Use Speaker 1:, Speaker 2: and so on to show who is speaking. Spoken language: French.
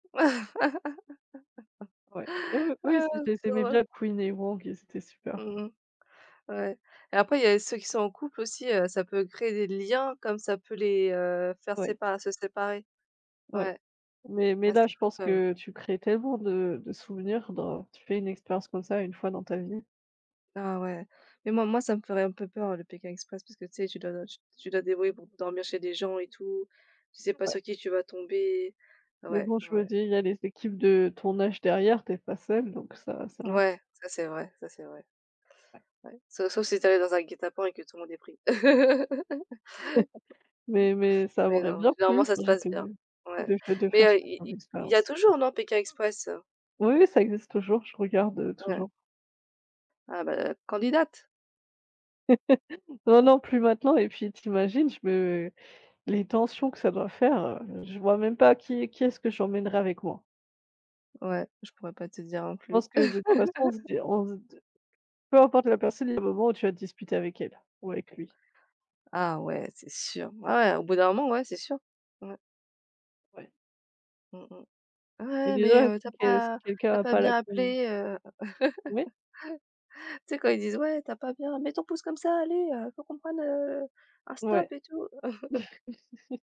Speaker 1: Ouais. Oui, oui, oui,
Speaker 2: Ah
Speaker 1: c'est je les
Speaker 2: c'est trop
Speaker 1: aimais
Speaker 2: drôle.
Speaker 1: bien Quyen et Hoang, ils étaient super.
Speaker 2: Mmh mh, ouais. Et après, il y a ceux qui sont en couple aussi, heu, ça peut créer des liens comme ça peut les, heu, faire
Speaker 1: Ouais.
Speaker 2: sépa se séparer.
Speaker 1: Ouais.
Speaker 2: Ouais.
Speaker 1: Mais mais
Speaker 2: Ah,
Speaker 1: là,
Speaker 2: c'est
Speaker 1: je
Speaker 2: fou
Speaker 1: pense
Speaker 2: quand même.
Speaker 1: que tu crées tellement de de souvenirs dans tu fais une expérience comme ça 1 fois dans ta vie.
Speaker 2: Ah ouais. Mais moi moi, ça me ferait un peu peur le Pékin Express parce que, tu sais, tu dois tu tu dois te débrouiller pour b dormir chez des gens et tout, tu sais pas
Speaker 1: Ouais.
Speaker 2: sur qui tu vas tomber,
Speaker 1: Mais
Speaker 2: ouais,
Speaker 1: bon, je me
Speaker 2: ouais.
Speaker 1: dis, il y a les équipes de tournage derrière, tu es pas seule donc, ça va, ça va.
Speaker 2: Ouais, ça c'est vrai, ça c'est vrai.
Speaker 1: Ouais.
Speaker 2: Ouais, toute façon si tu arrives dans un guet-apens et que tout le monde est pris. OK.
Speaker 1: Mais mais, ça
Speaker 2: Oui,
Speaker 1: m'aurait
Speaker 2: non,
Speaker 1: bien
Speaker 2: généralement,
Speaker 1: plu,
Speaker 2: ça se
Speaker 1: donc,
Speaker 2: passe bien,
Speaker 1: heu,
Speaker 2: ouais.
Speaker 1: de fai de
Speaker 2: Mais
Speaker 1: faire ça
Speaker 2: heu, il
Speaker 1: comme
Speaker 2: il il y a
Speaker 1: expérience.
Speaker 2: toujours, non, Pékin Express?
Speaker 1: Oui, oui, ça existe toujours, je regarde, heu,
Speaker 2: Ouais.
Speaker 1: toujours.
Speaker 2: Ah bah, candidate.
Speaker 1: Non, non, plus maintenant et puis, tu imagines je me les tensions que ça doit faire, je vois même pas qui est qui est-ce que j'emmènerai avec moi.
Speaker 2: Ouais, je pourrais pas te dire non
Speaker 1: Je
Speaker 2: plus.
Speaker 1: pense que, de toute façon, on se di on se d peu importe la personne, il y a un moment où tu vas te disputer avec elle, ou avec lui.
Speaker 2: Ah ouais c'est sûr, ouais, au bout d'un moment, ouais c'est sûr. Ouais.
Speaker 1: Ouais.
Speaker 2: Mmh mh.
Speaker 1: Et
Speaker 2: Ouais mais,
Speaker 1: déjà
Speaker 2: heu, tu
Speaker 1: si
Speaker 2: as
Speaker 1: que si
Speaker 2: pas tu as
Speaker 1: quelqu'un a
Speaker 2: pas
Speaker 1: pas la
Speaker 2: bien
Speaker 1: con
Speaker 2: appelé, heu,
Speaker 1: Ouais.
Speaker 2: tu sais, quand ils disent: «ouais tu as pas bien, mets ton pouce comme ça, allez, heu, faut qu'on prenne heu, un stop
Speaker 1: Ouais.
Speaker 2: et tout».